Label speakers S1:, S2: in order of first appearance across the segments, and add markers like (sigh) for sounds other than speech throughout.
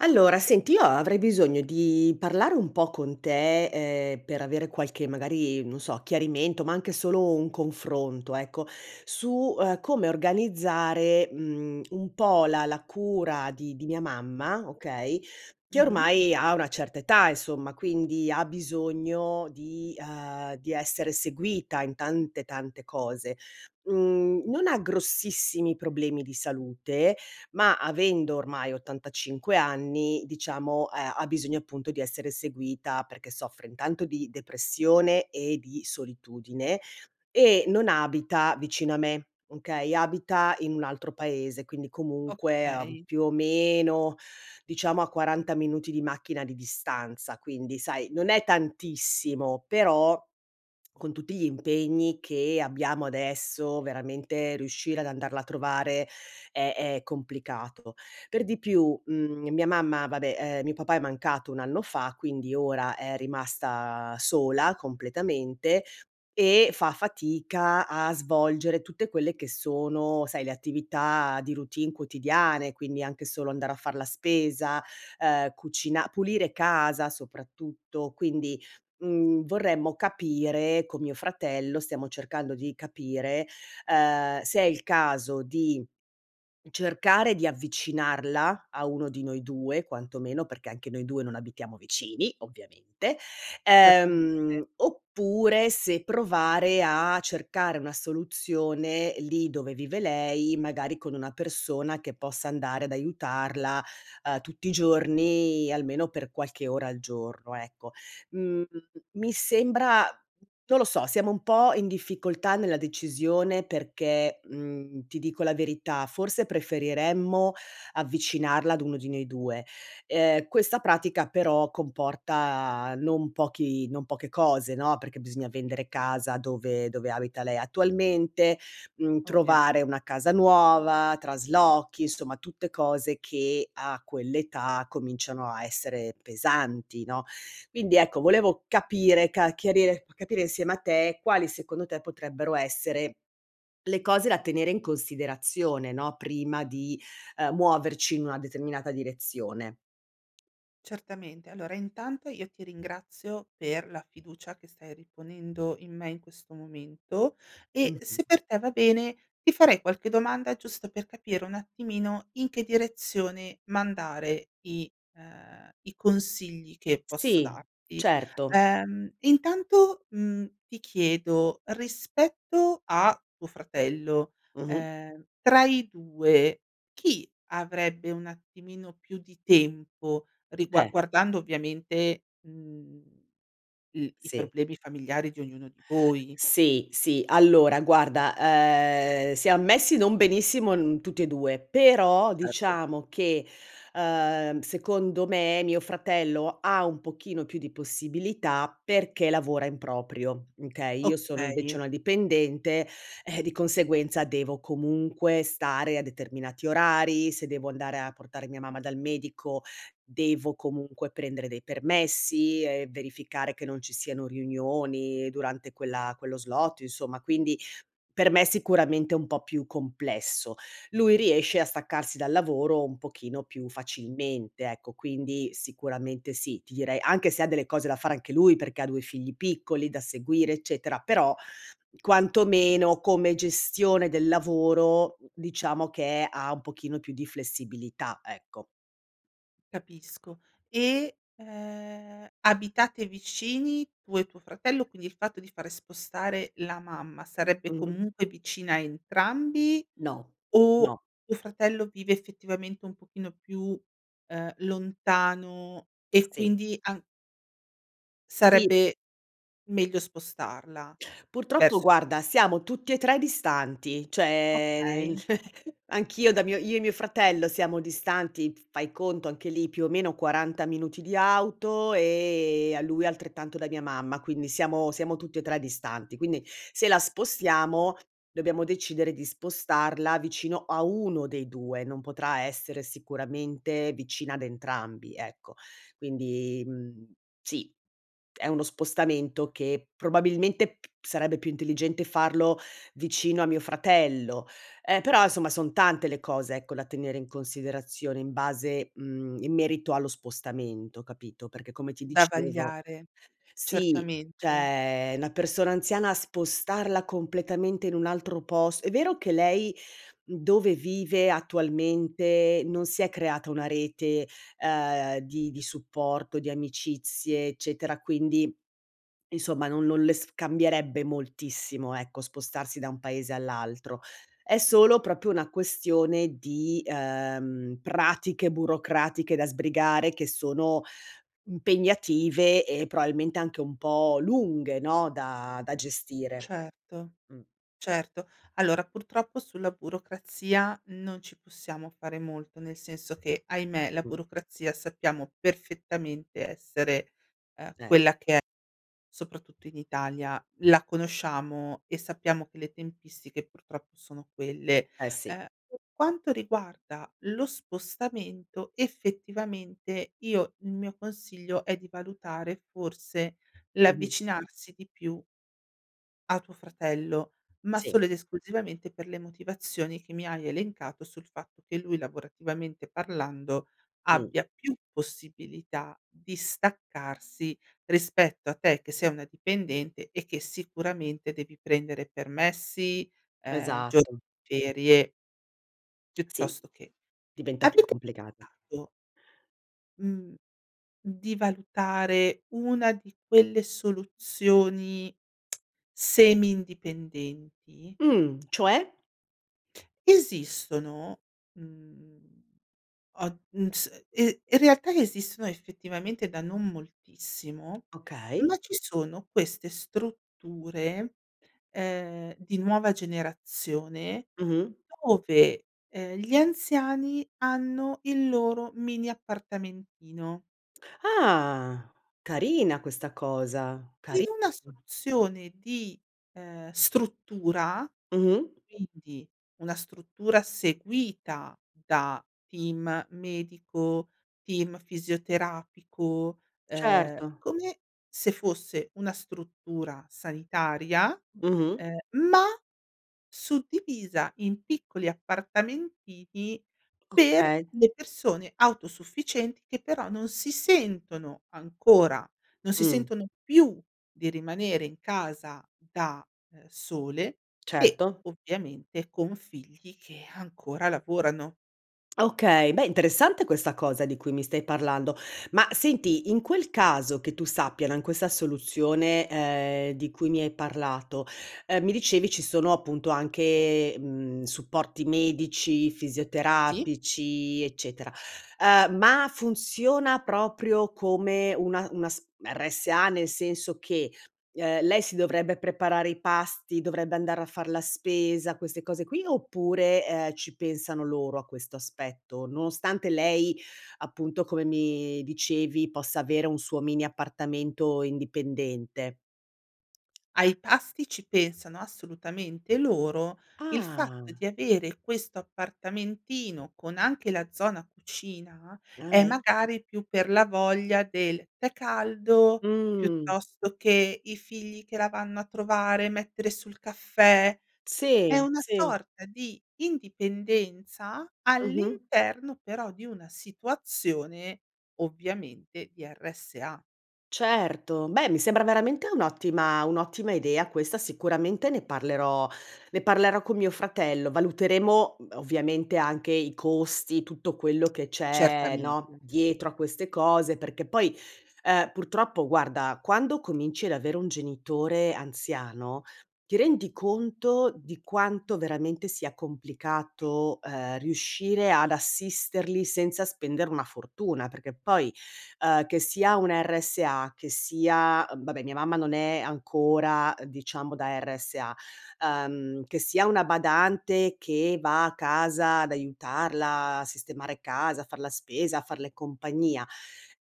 S1: Allora, senti io avrei bisogno di parlare un po’ con te, ehm, per avere qualche magari non so, chiarimento, ma anche solo un confronto ecco, su, ehm, come organizzare, mhmm, un po’ la la cura di di mia mamma, okay, che
S2: Mh-mh.
S1: ormai ha una certa età insomma, quindi ha bisogno di ehm, di essere seguita in tante, tante cose. Mhmm, non ha grossissimi problemi di salute, ma avendo ormai 85 anni diciamo, ehm, ha bisogno appunto, di essere seguita. Perché soffre, intanto, di depressione e di solitudine e non abita vicino a me, okay, abita in un altro paese, quindi comunque, ehm,
S2: Okay.
S1: più o meno diciamo a 40 minuti di macchina di distanza. Quindi, sai, non è tantissimo, però con tutti gli impegni che abbiamo adesso, veramente riuscire ad andarla a trovare è è complicato. Per di più, mhmm, mia mamma, vabbè, ehm, mio papà è mancato un anno fa, quindi ora è rimasta sola completamente e fa fatica a svolgere tutte quelle che sono, sai, le attività di routine quotidiane. Quindi, anche solo andare a far la spesa, ehm cucina pulire casa soprattutto. Quindi, mhmm, vorremmo capire con mio fratello, stiamo cercando di capire, ehm, se è il caso di cercare di avvicinarla a uno di noi 2 quanto meno. Perché anche noi 2 non abitiamo vicini, ovviamente.
S2: Certamente.
S1: Ehm, oppure se provare a cercare una soluzione lì dove vive lei, magari con una persona che possa andare ad aiutarla, uhm, tutti i giorni, almeno per qualche ora al giorno ecco. Mhmm, mi sembra non lo so, siamo un po’ in difficoltà nella decisione perché, mhmm, ti dico la verità: forse preferiremmo avvicinarla ad uno di noi 2. Ehm, questa pratica però, comporta non pochi non poche cose, no, perché bisogna vendere casa dove dove abita lei attualmente, mhmm,
S2: Ovviame
S1: trovare una casa nuova, traslochi, insomma tutte cose che a quell’età, cominciano a essere pesanti, no, quindi ecco, volevo capire, ca chiarire capire insieme a te, quali secondo te potrebbero essere le cose da tenere in considerazione, no, prima di, ehm, muoverci in una determinata direzione.
S2: Certamente, allora intanto io ti ringrazio per la fiducia che stai riponendo in me in questo momento e,
S1: Mh-mh.
S2: se per te va bene, ti farei qualche domanda giusto per capire un attimino in che direzione mandare i ehm, i consigli che posso
S1: Sì,
S2: darti,
S1: certo.
S2: ehm, intanto, mhmm, ti chiedo, rispetto a tuo fratello,
S1: Mh-mh.
S2: ehm tra i 2, chi avrebbe un attimino più di tempo rigua
S1: Eh.
S2: guardando ovviamente mhmm l i
S1: Sì.
S2: problemi familiari di ognuno di voi?
S1: Sì, sì allora guarda, ehm, siam messi non benissimo n tutti e 2 però
S2: Certo.
S1: diciamo che, uhm, secondo me mio fratello ha un pochino più di possibilità perché lavora in proprio, okay, io sono invece
S2: Okay.
S1: una dipendente, eh, di conseguenza devo comunque stare a determinati orari, se devo andare a portare mia mamma dal medico, devo comunque prendere dei permessi e verificare che non ci siano riunioni durante quella quello slot insomma, quindi, per me sicuramente è un po' più complesso, lui riesce a staccarsi dal lavoro un pochino più facilmente ecco quindi sicuramente sì, ti direi anche se ha delle cose da fare anche lui perché ha 2 figli piccoli da seguire, eccetera, però, quantomeno come gestione del lavoro, diciamo che ha un pochino più di flessibilità, ecco.
S2: Capisco. E, ehm, abitate vicini, tu e tuo fratello? Quindi, il fatto di fare spostare la mamma, sarebbe
S1: Mh-mh.
S2: comunque vicina a entrambi
S1: No,
S2: o
S1: no.
S2: tuo fratello vive, effettivamente, un pochino più, ehm, lontano? E
S1: Sì.
S2: quindi an
S1: Sì.
S2: Sarebbe meglio spostarla,
S1: Purtroppo,
S2: verso più
S1: guarda, siamo tutti e 3 distanti, cioè nel
S2: Okay.
S1: (chuckles) anch'io da mio io e mio fratello siamo distanti, f fai conto anche lì, più o meno, 40 minuti di auto, ehm, a lui altrettanto da mia mamma. Quindi, siamo siamo tutti e 3 distanti, quindi, se la spostiamo, dobbiamo decidere di spostarla vicino a uno dei 2, non potrà essere sicuramente, vicina ad entrambi, ecco. Quindi, mhmm, sì, è uno spostamento che probabilmente p sarebbe più intelligente farlo vicino a mio fratello, ehm, però insomma, son tante le cose, ecco, da tenere in considerazione in base mhmm, in merito allo spostamento, capito, perché come ti
S2: Da
S1: dicevo
S2: vagliare,
S1: sì,
S2: certamente.
S1: cioè, una persona anziana, spostarla completamente in un altro pos è vero che lei, dove vive attualmente, non si è creata una rete, ehm, di di supporto, di amicizie, eccetera, quindi, insomma, non non le s cambierebbe moltissimo, ecco, spostarsi da un paese all'altro. È solo proprio una questione di, ehm, pratiche burocratiche da sbrigare che sono, impegnative e probabilmente anche un po' lunghe, no, da da gestire.
S2: Certo,
S1: Mh.
S2: certo. Allora, purtroppo, sulla burocrazia non ci possiamo fare molto, nel senso che, ahimè, la
S1: Mh.
S2: burocrazia sappiamo perfettamente essere, ehm,
S1: Eh.
S2: quella che è, soprattutto in Italia. La conosciamo e sappiamo che le tempistiche, purtroppo, sono quelle.
S1: Eh, sì.
S2: Ehm, per quanto riguarda lo spostamento, effettivamente, io il mio consiglio è di valutare forse
S1: Mh-mh.
S2: l'avvicinarsi di più a tuo fratello. Ma
S1: Sì.
S2: solo ed esclusivamente per le motivazioni che mi hai elencato, sul fatto che lui, lavorativamente parlando,
S1: Mh.
S2: abbia più possibilità di staccarsi rispetto a te che sei una dipendente e che sicuramente devi prendere permessi, ehm, gio
S1: Esatto.
S2: ferie.
S1: (clicks tongue) Sì,
S2: Piuttosto che
S1: diventa più
S2: avete
S1: complicato.
S2: (unintelligible) mhmm, di valutare una di quelle soluzioni, (smacks lips) semi indipendenti?
S1: Mhmm, cioè?
S2: Esistono, mhmm, o mhmm s i in realtà esistono, effettivamente, da non moltissimo,
S1: Okay.
S2: ma ci sono queste strutture, ehm, di nuova generazione,
S1: Mh-mh.
S2: dove, ehm, gli anziani hanno il loro mini appartamentino.
S1: Ah! carina questa cosa,
S2: In
S1: cari
S2: una soluzione di, ehm, struttura,
S1: Mh-mh.
S2: quindi una struttura seguita da team medico, team fisioterapico, ehm,
S1: Certo.
S2: come se fosse una struttura sanitaria,
S1: Mh-mh.
S2: ehm, ma suddivisa in piccoli appartamentini per
S1: Okay.
S2: le persone autosufficienti che però non si sentono ancora non si
S1: Mh.
S2: sentono più di rimanere in casa da, uhm, sole e,
S1: Certo.
S2: ovviamente, con figli che (sighs) ancora lavorano.
S1: Okay, beh interessante questa cosa di cui mi stai parlando. Ma senti, in quel caso, che tu sappia, no, in questa soluzione, ehm, di cui mi hai parlato, ehm, mi dicevi ci sono appunto anche, mhmm, supporti medici,
S2: Sì.
S1: fisioterapici, eccetera. Ehm, ma funziona proprio come una una s RSA nel senso che, ehm, lei si dovrebbe preparare i pasti, dovrebbe andare a far la spesa, queste cose qui, oppure, ehm, ci pensano loro a questo aspetto? Nonostante lei, appunto, come mi dicevi, possa avere un suo mini appartamento indipendente.
S2: Ai pasti ci pensano assolutamente loro, il fatto
S1: Ah.
S2: di avere questo appartamentino con anche la zona cucina
S1: Ah,
S2: è
S1: e
S2: magari più per la voglia del tè caldo,
S1: Mh.
S2: piuttosto che i figli che la vanno a trovare e mettere su l caffè. È
S1: Sì,
S2: una
S1: sì.
S2: sorta di indipendenza
S1: Mh-mh.
S2: all'interno però di una situazione, ovviamente di RSA.
S1: Certo, beh, mi sembra veramente un'ottima un'ottima idea, questa, sicuramente ne parlerò ne parlerò con mio fratello, valuteremo, mhmm, ovviamente anche i costi, tutto quello che
S2: (clicks tongue)
S1: c'è,
S2: Certamente.
S1: no, dietro a queste cose, perché poi, ehm, purtroppo guarda, quando cominci ad avere un genitore anziano, ti rendi conto di quanto veramente sia complicato, ehm, riuscire ad assisterli senza spendere una fortuna, perché poi, ehm, che sia un RSA, che sia vabbè, mia mamma non è ancora, diciamo, da RSA, ehm, che sia una badante che va a casa ad aiutarla a sistemare casa, a far la spesa, a farle compagnia,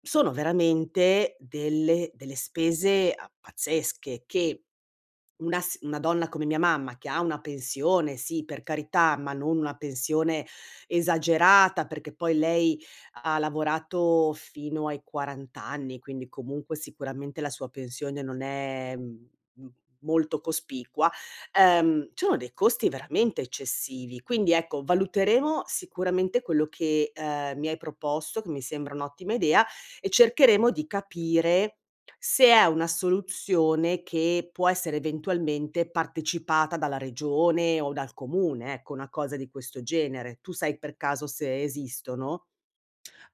S1: sono veramente delle delle spese a pazzesche che, una s una donna come mia mamma che ha una pensione, sì, per carità, ma non una pensione, esagerata, perché poi lei ha lavorato fino ai 40 anni, quindi comunque sicuramente la sua pensione non è, mhmm, m molto cospicua, ehm, ci sono dei costi veramente eccessivi. Quindi, ecco, valuteremo sicuramente quello che, ehm, mi hai proposto, che mi sembra un'ottima idea e cercheremo di capire se è una soluzione che può essere eventualmente partecipata dalla regione o dal comune, ecco, una cosa di questo genere. Tu sai per caso se esistono?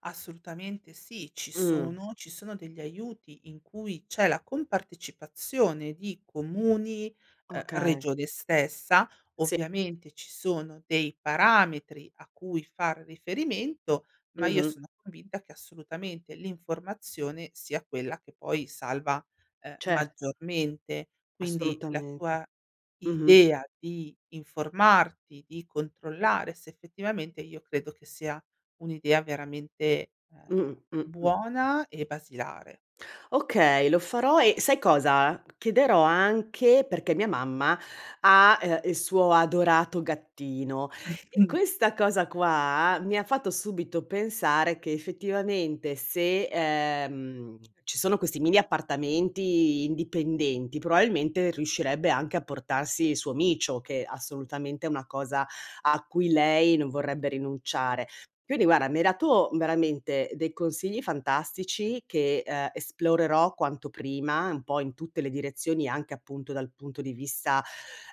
S2: Assolutamente sì, ci
S1: Mh-mh.
S2: sono ci sono degli aiuti in cui c'è la compartecipazione di comuni, ehm,
S1: Okay.
S2: regione stessa.
S1: Sì.
S2: Ovviamente ci sono dei parametri a cui far riferimento ma io
S1: Mh-mh.
S2: sono convinta che assolutamente l'informazione sia quella che poi salva, ehm,
S1: Cer
S2: maggiormente. Quindi la
S1: Assolutamente.
S2: tua
S1: Mh-mh.
S2: idea di informarti, di controllare se effettivamente io credo che sia un'idea veramente,
S1: Mh-mh,
S2: ehm,
S1: mh, mh.
S2: buona e basilare.
S1: Okay, lo farò e sai cosa: chiederò anche perché mia mamma ha, ehm, il suo adorato gattino e
S2: (chuckles)
S1: questa cosa qua mi ha fatto subito pensare che effettivamente se, ehm, ci sono questi mini appartamenti indipendenti, probabilmente riuscirebbe anche a portarsi il suo micio, che assolutamente è una cosa a cui lei non vorrebbe rinunciare. Quindi guarda, mi hai dato veramente dei consigli fantastici che, ehm, esplorerò quanto prima un po' in tutte le direzioni, anche appunto dal punto di vista,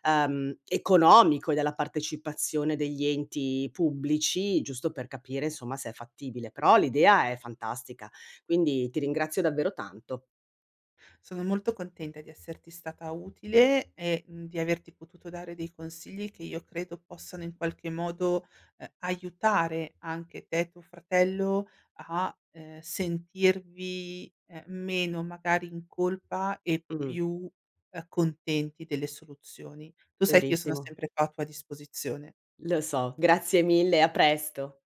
S1: ehm, economico e della partecipazione degli enti pubblici, giusto per capire insomma se è fattibile, però l'idea è fantastica, quindi ti ringrazio davvero tanto.
S2: Sono molto contenta di esserti stata utile e, mhmm, di averti potuto dare dei consigli che io credo possano in qualche modo, ehm, aiutare anche te e tuo fratello a, ehm, sentirvi, ehm, meno magari in colpa e
S1: Mh-mh.
S2: più, ehm, contenti delle soluzioni. Tu sai che io sono
S1: Verissimo.
S2: sempre qua a tua disposizione.
S1: Lo so, grazie mille, a presto.